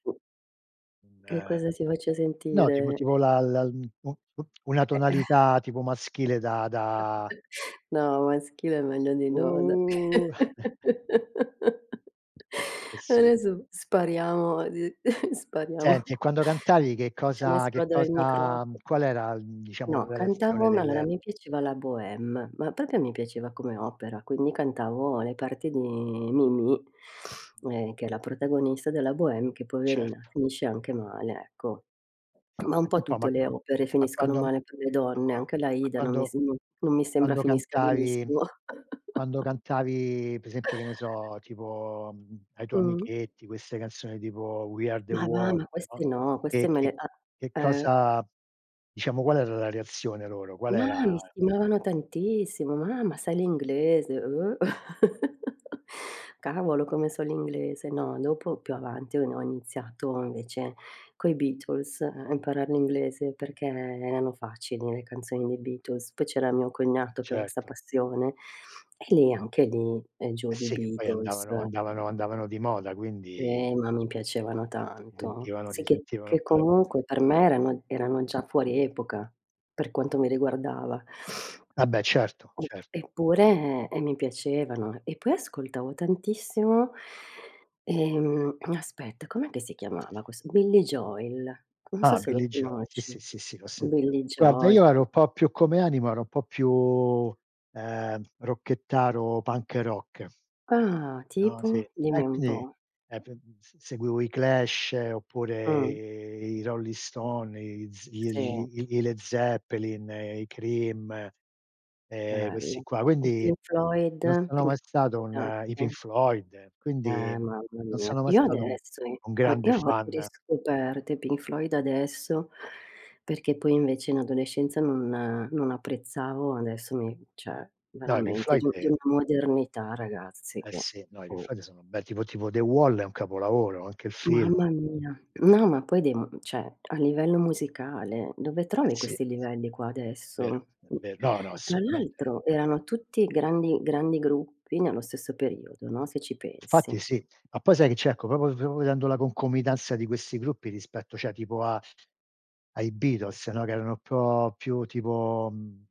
Che Beh. cosa ti faccio No, tip sentire? tipo la la u u una Eh. tonalità tipo maschile da da No, maschile è meglio di no, dai. Oh! Eh sì. Adesso spariamo, d spariamo Senti e quando cantavi che Facciamo cosa che esplodere il microfono. cosa qual era diciamo No, la reazione cantavo, ma allora del mi piaceva la Bohème. Ma proprio mi piaceva come opera, quindi cantavo le parti di Mimì, Mh. ehm, che è la protagonista della Bohème che poverina Certo. finisce anche male, ecco. Ma un Enti po' un po', ma tutte le opere ma finiscono quando male per le donne, anche ma l'Aida non mi quando sem non mi sembra quando finisca cantavi benissimo. quando cantavi per esempio, che ne so, tipo ai tuoi Mh-mh. amichetti queste canzoni tipo We are the Ma va, world, ma no, queste no, queste che me che le ah, che eh. cosa diciamo, qual era la reazione loro? Qual Ma era mi stimavano tantissimo. "Ma ma sai l'inglese?" Oh! Cavolo come so l'inglese. No, dopo più avanti ho no ho iniziato invece coi Beatles a imparar l'inglese perché erano facili le canzoni dei Beatles. Poi c'era mio cognato che aveva 'sta Certo. passione e lì anche lì, giù Eh di sì che poi Beatles. andavano andavano andavano di moda quindi Eh, ma mi piacevano [unintelligible] di tanto. sentivano Sì si che sentivano che comunque per [unintelligible] me erano erano già fuori epoca per quanto mi riguardava. Vabbè certo, Mh, certo. eppure e mi piacevano. E poi ascoltavo tantissimo, ehm aspetta, com'è che si chiamava questo? Billie Joel. Non so Ah, se lo Billy Joel, sì, conosci. sì, sì, sì, l'ho sentito. Billie Guarda Joel io ero [unintelligible] un po' più come anima, ero un po' più, ehm, rockettaro, punk-rock. Ah, No, sì. tipo? Dimmi E un quindi, po'. ehm, s s seguivo i Clash oppure Mh-mh. i Rolling Stones, i z Sì. i i i Led Zeppelin, i Cream, ehm questi Bello. qua. I Quindi Pink Floyd, non sono Pink mai stato Floyd un i Pink anche. Floyd, Eh, quindi mamma non mia. sono mai Io stato un adesso i un grande io ho fan. riscoperto i Pink Floyd adesso perché poi invece in adolescenza non non apprezzavo. Adesso mi cioè No, Pink veramente Floyd di di ehm una modernità ragazzi Eh che sì. No, i Pink boh. Floyd sono un bel tipo tipo "The Wall", è un capolavoro, anche il film. Mamma mia, no ma poi dei cioè, a livello musicale dove Eh trovi sì. questi livelli qua Vero, adesso? è ver no, no, Tra assolutamente no. l'altro erano tutti grandi grandi gruppi nello stesso periodo, no, se ci Infatti pensi. sì. Ma poi sai che c'è? Ecco, proprio, proprio vedendo la concomitanza di questi gruppi rispetto, cioè tipo a ai Beatles, no, che erano un po' più tipo mhmm